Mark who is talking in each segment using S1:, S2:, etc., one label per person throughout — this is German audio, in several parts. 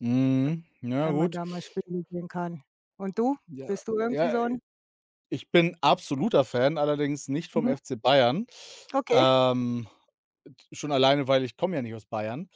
S1: Mhm, ja
S2: Wenn man
S1: gut.
S2: da mal Spiele sehen kann. Und du?
S1: Ja,
S2: Bist du irgendwie
S1: ja,
S2: so
S1: i
S2: 'n
S1: ich bin absoluter Fan, allerdings nicht vom
S2: Mhm.
S1: FC Bayern.
S2: Okay.
S1: Ähm, äh, d schon alleine, weil ich komme ja nicht aus Bayern,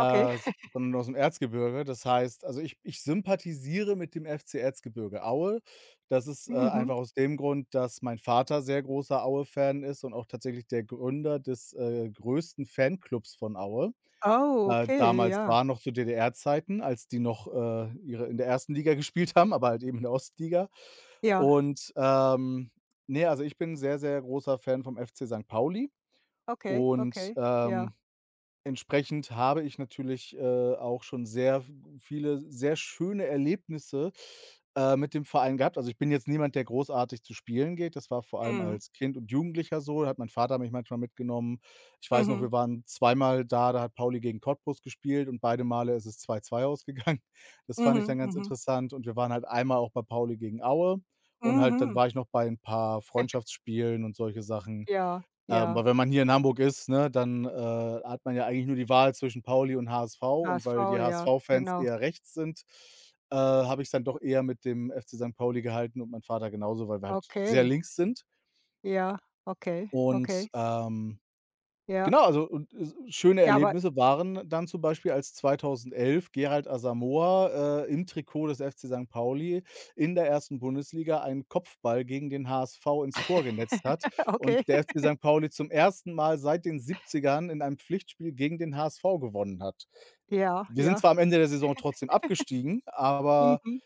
S2: Okay.
S1: sondern ausm Erzgebirge. Das heißt also, ich ich sympathisiere mit dem FC Erzgebirge Aue. Das ist, äh, einfach
S2: Mhm.
S1: aus dem Grund, dass mein Vater sehr großer Aue-Fan ist und auch tatsächlich der Gründer des, äh, größten Fanklubs von Aue.
S2: Oh,
S1: Äh,
S2: okay,
S1: damals
S2: ja.
S1: war noch zu DDR Zeiten, als die noch, äh, ihre in der 1. Liga gespielt haben, aber halt eben in der Ostliga
S2: Ja.
S1: und, ähm ne, also, ich bin sehr, sehr großer Fan vom FC Sankt Pauli
S2: Okay,
S1: und,
S2: okay, ja.
S1: ähm, entsprechend habe ich natürlich, äh, auch schon sehr v viele, s sehr schöne Erlebnisse, äh, mit dem Verein gehabt. Also, ich bin jetzt niemand, der großartig zu spielen geht. Das war vor allem
S2: Mhm.
S1: als Kind und Jugendlicher so. Da hat mein Vater mich manchmal mitgenommen. Ich weiß noch,
S2: Mhm.
S1: wir waren zweimal da, da hat Pauli gegen Cottbus gespielt und beide Male ist es 2:2 ausgegangen. Das fand ich
S2: Mhm.
S1: dann ganz
S2: Mhm.
S1: interessant und wir waren halt einmal auch bei Pauli gegen Aue und halt dann
S2: Mhm.
S1: war ich noch bei 'n paar Freundschaftsspielen und solche Sachen.
S2: Ja,
S1: Ähm,
S2: ja.
S1: aber wenn man hier in Hamburg ist, ne, dann, äh, hat man ja eigentlich nur die Wahl zwischen Pauli und HSV. Und weil
S2: HSV,
S1: die
S2: ja,
S1: HSV-Fans
S2: genau.
S1: eher rechts sind, äh, habe ich's dann doch eher mit dem FC Sankt Pauli gehalten und mein Vater genauso, weil wir halt sehr
S2: Okay.
S1: links sind.
S2: Ja, okay, okay.
S1: Und, ähm
S2: Ja.
S1: genau, also und es schöne
S2: Ja, aber
S1: Erlebnisse waren dann zum Beispiel, als 2011 Gerald Asamoa, äh, im Trikot des FC Sankt Pauli in der 1. Bundesliga einen Kopfball gegen den HSV ins Tor genetzt hat und
S2: Okay.
S1: der FC Sankt Pauli zum 1. Mal seit den 70ern in einem Pflichtspiel gegen den HSV gewonnen hat.
S2: Ja,
S1: Wir sind
S2: ja.
S1: zwar am Ende der Saison trotzdem abgestiegen, aber
S2: Mhm.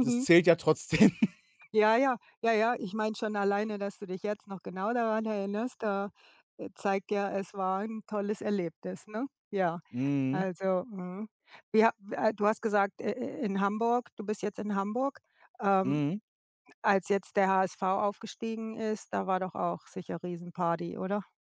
S1: das zählt ja trotzdem.
S2: Ja, ja, ja, ja. Ich meine schon alleine, dass du dich jetzt noch genau daran erinnerst, da äh, zeigt ja, es war 'n tolles Erlebnis, ne? Ja,
S1: Mhm.
S2: also mhm, wie ha w äh, du hast gesagt, äh, äh, in Hamburg du bist jetzt in Hamburg. Ähm,
S1: Mhm.
S2: als jetzt der HSV aufgestiegen ist, da war doch auch sicher Riesenparty, oder?